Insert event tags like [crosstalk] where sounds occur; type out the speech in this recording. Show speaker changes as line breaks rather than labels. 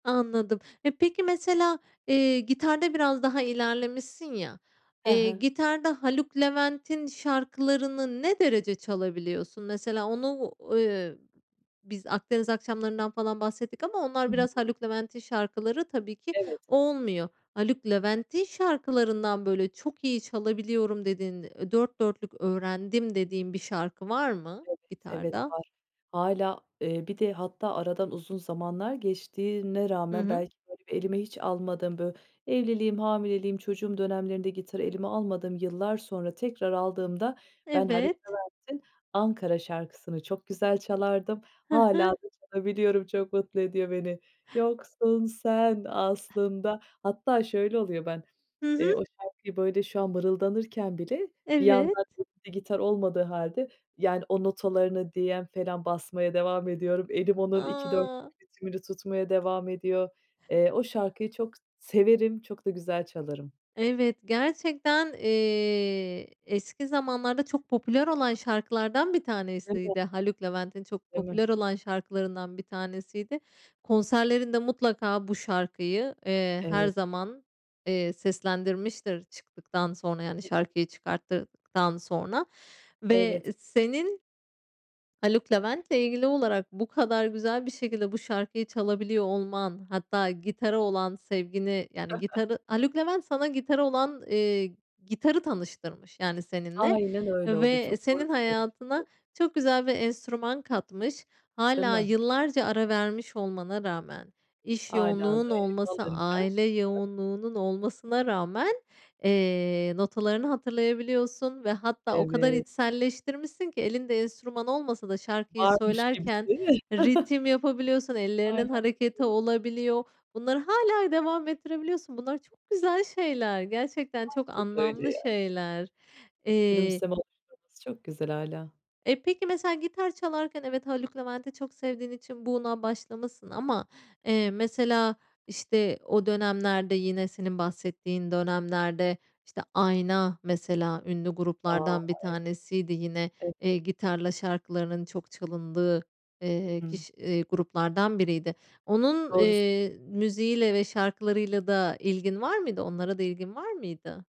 Anladım. E, peki mesela, eee, gitarda biraz daha ilerlemişsin ya.
He
Eee,
he.
gitarda Haluk Levent'in şarkılarını ne derece çalabiliyorsun? Mesela onu u eee, biz "Akdeniz Akşamları"ndan falan bahsettik ama onlar biraz
[unintelligible]
Haluk Levent'in şarkıları tabii ki
Evet.
olmuyor. Haluk Levent'in şarkılarından böyle çok iyi çalabiliyorum dediğin ö dört dörtlük öğrendim dediğin bir şarkı var mı
Evet, evet,
gitarda?
var. Hâlâ eee, bir de hatta aradan uzun zamanlar geçtiğine
Hı
rağmen
hı.
belki, böyle, bir elime hiç almadım. Bö evliliğim, hamileliğim, çocuğum dönemlerinde gitarı elime almadım. Yıllar sonra tekrar aldığımda ben Haluk
Evet.
Levent'in "Ankara" şarkısını çok güzel çalardım.
Hı
Hâlâ
hı.
da çalabiliyorum, çok mutlu ediyor beni. Yoksun sen aslında Hatta şöyle oluyor, ben,
Hı hı.
eee, o şarkıyı, böyle, şu an mırıldanırken bile bir
Evet.
yandan [unintelligible] gitar olmadığı hâlde, yani o notalarını DM falan basmaya devam ediyorum. Elim onun 2/4'lük
A!
ritmini tutmaya devam ediyor. Eee, o şarkıyı çok severim, çok da güzel çalarım.
Evet, gerçekten, eee, eski zamanlarda çok popüler olan şarkılardan bir
Değil mi?
tanesiydi. Haluk Levent'in çok
Değil mi?
popüler olan şarkılarından bir tanesiydi. Konserlerinde mutlaka bu şarkıyı, eee, her
Evet.
zaman, eee, seslendirmiştir çıktıktan sonra yani
[unintelligible]
şarkıyı çıkarttıktan sonra. Ve
Evet.
senin Haluk Levent'le ilgili olarak bu kadar güzel bir şekilde bu şarkıyı çalabiliyor olman hatta gitara olan sevgini yani
[chuckles]
gitarı Haluk Levent sana gitara olan, eee gitarı tanıştırmış yani seninle.
Aynen öyle oldu,
Ve
çok doğru
senin
bir tespit
hayatına
bu.
çok güzel bir enstrüman katmış.
Değil
Hâlâ
mi?
yıllarca ara vermiş olmana rağmen, iş
Hâlâ
yoğunluğunun
da elime
olması,
alınca
aile
[laughs]
yoğunluğunun olmasına rağmen, eee, notalarını hatırlayabiliyorsun ve hatta o kadar
Evet.
içselleştirmişsin ki elinde enstrüman olmasa da şarkıyı
Varmış gibisi.
söylerken
[chuckles]
ritim yapabiliyorsun, ellerinin
Aynen..
hareketi
[unintelligible]
olabiliyor. Bunları hâlâ devam ettirebiliyorsun. Bunlar çok güzel şeyler, gerçekten çok
[unintelligible]
anlamlı
ya.
şeyler.
Bu
Eee
gülümseme [unintelligible] çok güzel hâlâ.
E, peki mesela gitar çalarken evet, Haluk Levent'i çok sevdiğin için buna başlamışsın ama, eee, mesela, işte, o dönemlerde yine senin bahsettiğin dönemlerde, işte, Ayna mesela ünlü
A,
gruplardan bir
ev [unintelligible]
tanesiydi yine.
Evet.
Eee, gitarla şarkılarının çok çalındığı, eee,
Hı.
kiş eee, gruplardan biriydi. Onun,
Doğru sö
eee, müziğiyle ve şarkılarıyla da ilgin var mıydı? Onlara da ilgin var mıydı?